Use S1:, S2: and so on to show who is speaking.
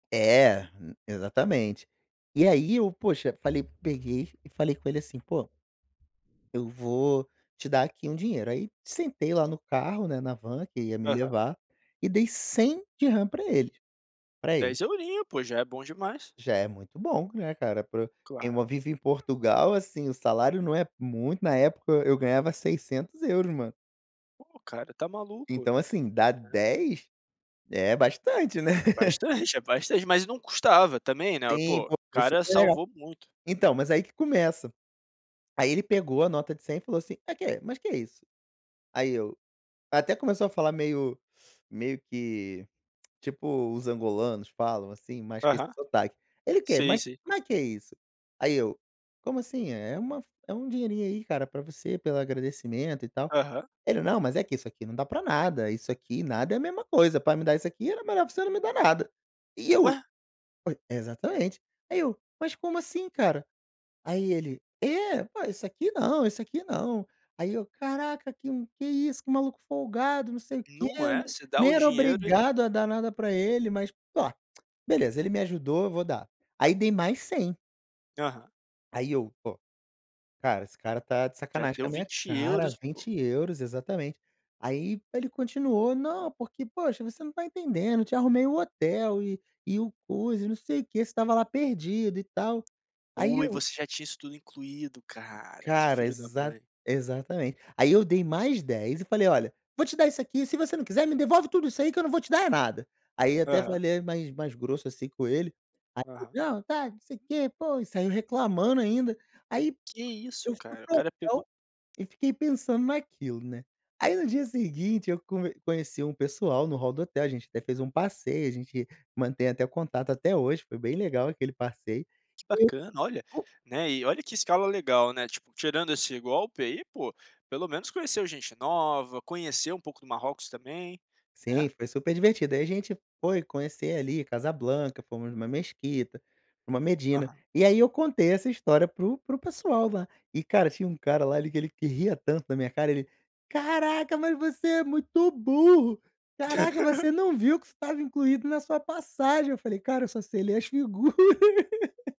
S1: É, hum, exatamente. E aí eu, poxa, falei peguei e falei com ele assim: "Pô, eu vou te dar, aqui, um dinheiro", aí sentei lá no carro, né, na van que ia me
S2: Aham.
S1: levar, e dei DH100 pra ele, pra ele.
S2: 10 eurinhos, pô, já é bom demais.
S1: Já é muito bom, né, cara, pro quem
S2: Claro.
S1: mo vive em Portugal, assim, o salário não é muito, na época eu ganhava 600 €, mano.
S2: Pô, cara, tá maluco,
S1: Então, assim, dá
S2: né.
S1: 10, é bastante, né.
S2: É bastante, é bastante. Mas não custava, também, né,
S1: Sim,
S2: pô, o
S1: pô, foi
S2: cara
S1: super legal.
S2: salvou muito.
S1: Então, mas aí que começa. Aí ele pegou a nota de 100, falou assim: "Ah, que, mas que é isso?". Aí eu até começou a falar meio meio que, tipo os angolanos falam, assim, mas com esse
S2: Aham.
S1: sotaque. Ele: "Que,
S2: Sei,
S1: mas
S2: sei.
S1: como é que é isso?", aí eu: "Como assim? É é uma f é um dinheirinho aí, cara, pra você, pelo agradecimento, e tal".
S2: Aham.
S1: Ele: "Não, mas é que isso aqui não dá pra nada, isso aqui e nada é a mesma coisa, pra me dar isso aqui era melhor pra você não me dar nada", e eu:
S2: Ué!
S1: "Oi" exatamente. Aí eu: "Mas como assim, cara?", aí ele: "É, oi, isso aqui não, isso aqui não", aí eu: "Caraca, que um que isso, que maluco folgado, não sei o quê.
S2: Não é?
S1: N
S2: Você dá
S1: nem
S2: o
S1: era
S2: dinheiro e
S1: obrigado a dar nada pra ele. Mas ó, beleza, ele me ajudou, vou dar". Aí dei mais 100.
S2: Aham.
S1: Aí eu: "Pô, cara, esse cara tá de
S2: Já
S1: sacanagem com a
S2: deu
S1: minha
S2: vinte
S1: cara,
S2: euros, pô.
S1: 20 €", exatamente. Aí ele continuou: "Não, porque, poxa, você não tá entendendo, eu te arrumei o hotel e e o coisa e não sei o que, você estava lá perdido e tal". Aí
S2: Oi,
S1: eu
S2: você já tinha isso tudo incluído, cara, que
S1: Cara,
S2: filho da
S1: exa
S2: mãe.
S1: exatamente. Aí eu dei mais 10 e falei: "Olha, vou te dar isso aqui, se você não quiser me devolve tudo isso aí que eu não vou te dar é nada". Aí até
S2: Aham.
S1: falei é mais mais grosso, assim, com ele. Aí ele:
S2: Aham.
S1: "Não tá, não sei o quê. Pô", e saiu reclamando ainda. Aí
S2: Que
S1: eu
S2: isso,
S1: fui
S2: cara, o
S1: para o
S2: cara pegou
S1: hotel, e fiquei pensando naquilo, né. Aí no dia seguinte, eu come conheci um pessoal no hall do hotel, a gente até fez um passeio, a gente mantém até contato até hoje, foi bem legal aquele passeio,
S2: Que
S1: e
S2: bacana. Olha, né, e olha que escala legal, né, tipo, tirando esse golpe aí pô, pelo menos conheceu gente nova, conheceu um pouco do Marrocos também, né?
S1: Sim, foi super divertido, aí a gente foi conhecer, ali, Casa Blanca, fomos numa mesquita, numa Medina.
S2: Aham.
S1: E aí eu contei essa história para o para o pessoal lá. E, cara, tinha um cara lá ele que ele que ria tanto da minha cara, ele: "Caraca, mas você é muito burro! Caraca, você não viu que isso estava incluído na sua passagem". Eu falei: "Cara, eu só sei ler as figuras.